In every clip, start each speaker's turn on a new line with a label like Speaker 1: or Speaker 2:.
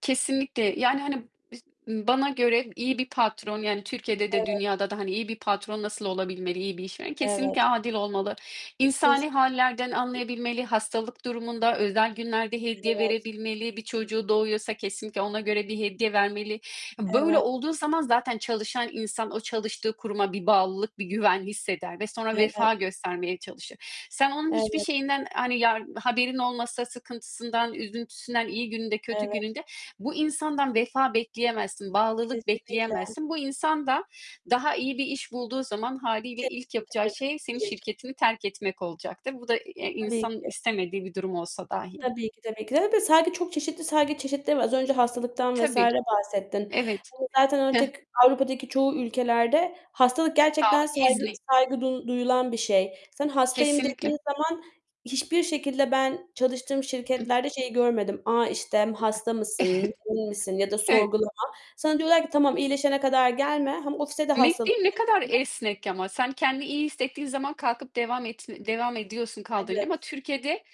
Speaker 1: Kesinlikle, yani, hani, b iş m bana göre iyi bir patron yani, Türkiye'de de
Speaker 2: Evet.
Speaker 1: dünyada da hani iyi bir patron nasıl olabilmeli, iyi bir işveren? Kesinlikle
Speaker 2: Evet.
Speaker 1: adil olmalı. İnsani
Speaker 2: Kesi
Speaker 1: hâllerden anlayabilmeli, hastalık durumunda, özel günlerde hediye
Speaker 2: Evet.
Speaker 1: verebilmeli. Bir çocuğu doğuyorsa kesinlikle ona göre bir hediye vermeli. Böyle
Speaker 2: Evet.
Speaker 1: olduğu zaman zaten çalışan insan o çalıştığı kuruma bir bağlılık, bir güven hisseder ve sonra
Speaker 2: Evet.
Speaker 1: vefa göstermeye çalışır. Sen onun hiçbir
Speaker 2: Evet.
Speaker 1: şeyinden, hani yar haberin olmasa, sıkıntısından, üzüntüsünden, iyi gününde, kötü
Speaker 2: Evet.
Speaker 1: gününde bu insandan vefa bekleyemezsin, bağlılık
Speaker 2: Kesinlikle.
Speaker 1: bekleyemezsin. Bu insan da, daha iyi bir iş bulduğu zaman hâliyle
Speaker 2: Tek
Speaker 1: ilk
Speaker 2: [unintelligible]
Speaker 1: yapacağı
Speaker 2: Bırakıp
Speaker 1: şey senin
Speaker 2: gidecek.
Speaker 1: şirketini terk etmek olacaktır. Bu da i
Speaker 2: Tabii
Speaker 1: insanın
Speaker 2: ki.
Speaker 1: istemediği bir durum olsa dahi.
Speaker 2: Tabii ki de, tabii ki de de, saygı çok çeşitli saygı çeşitleri var. Az önce hastalıktan vs.
Speaker 1: Tabii.
Speaker 2: bahsettin.
Speaker 1: Evet.
Speaker 2: Hani zaten
Speaker 1: Heh.
Speaker 2: artık Avrupa'daki çoğu ülkelerde hastalık gerçekten
Speaker 1: Sağlık
Speaker 2: saygı,
Speaker 1: izni.
Speaker 2: saygı du duyulan bir şey. Sen hastayım
Speaker 1: Kesinlikle.
Speaker 2: dediğin zaman hiçbir şekilde ben çalıştığım
Speaker 1: Ih
Speaker 2: şirketlerde şeyi görmedim. A, işte hasta mısın, değil misin ya da
Speaker 1: Evet.
Speaker 2: sorgulama. Sana diyorlar ki tamam iyileşene kadar gelme. Hem ofise de hastalık
Speaker 1: Netliğin ne kadar
Speaker 2: getirme.
Speaker 1: esnek ama sen kendini iyi hissettiğin zaman kalkıp devam et devam ediyorsun kaldığın yerde
Speaker 2: Evet.
Speaker 1: ama Türkiye'de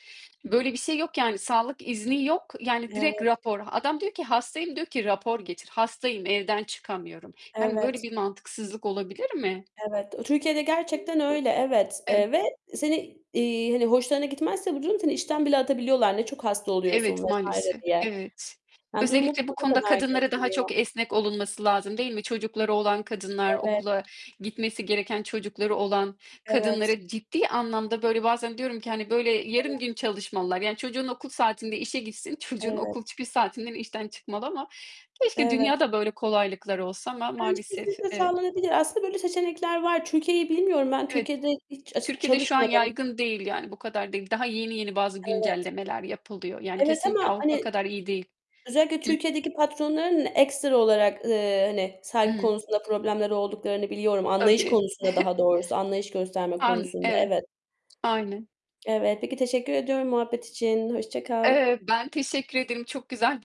Speaker 1: böyle bir şey yok yani, sağlık izni yok. Yani direkt
Speaker 2: Evet.
Speaker 1: rapor. Adam diyor ki hastayım, diyor ki rapor getir. Hastayım, evden çıkamıyorum. Hani böyle
Speaker 2: Evet.
Speaker 1: bir mantıksızlık olabilir mi?
Speaker 2: Evet. Türkiye'de gerçekten öyle evet,
Speaker 1: E
Speaker 2: eee, ve seni, iii, hani hoşlarına gitmezse bu durum seni işten bile atabiliyorlar, ne çok hasta oluyorsun
Speaker 1: Evet,
Speaker 2: vs.
Speaker 1: maalesef.
Speaker 2: diye.
Speaker 1: Evet,
Speaker 2: Yani, durumu
Speaker 1: özellikle bu konuda kadınlara daha çok
Speaker 2: [unintelligible]
Speaker 1: esnek olunması lazım değil mi? Çocukları olan kadınlar,
Speaker 2: Evet.
Speaker 1: okula gitmesi gereken çocukları olan
Speaker 2: Evet.
Speaker 1: kadınlara ciddi anlamda böyle bazen diyorum ki hani, böyle
Speaker 2: Evet.
Speaker 1: yarım gün çalışmalılar. Yani, çocuğun okul saatinde işe gitsin, çocuğun
Speaker 2: Evet.
Speaker 1: okul çıkış saatinden işten çıkmalı ama keşke
Speaker 2: Evet.
Speaker 1: dünyada böyle kolaylıklar olsa ama
Speaker 2: Bence,
Speaker 1: maalesef,
Speaker 2: kesinlikle
Speaker 1: evet.
Speaker 2: sağlanabilir. Aslında böyle seçenekler var. Türkiye'yi bilmiyorum ben.
Speaker 1: Evet.
Speaker 2: Türkiye'de hiç a
Speaker 1: Türkiye'de şu an
Speaker 2: çalışmadım.
Speaker 1: yaygın değil, yani bu kadar değil. Daha yeni yeni bazı
Speaker 2: Evet.
Speaker 1: güncellemeler yapılıyor, yani,
Speaker 2: Evet,
Speaker 1: kesinlikle
Speaker 2: ama
Speaker 1: Avrupa
Speaker 2: hani,
Speaker 1: kadar iyi değil.
Speaker 2: özellikle
Speaker 1: Hıh.
Speaker 2: Türkiye'deki patronların ekstra olarak, ııı, hani, saygı
Speaker 1: Hıı.
Speaker 2: konusunda problemleri olduklarını biliyorum, anlayış
Speaker 1: Tabii.
Speaker 2: konusunda daha doğrusu, anlayış gösterme
Speaker 1: An
Speaker 2: konusunda.
Speaker 1: evet.
Speaker 2: Evet.
Speaker 1: Aynen.
Speaker 2: Evet, peki teşekkür ediyorum muhabbet için. Hoşça kal.
Speaker 1: Eee, ben teşekkür ederim, çok güzel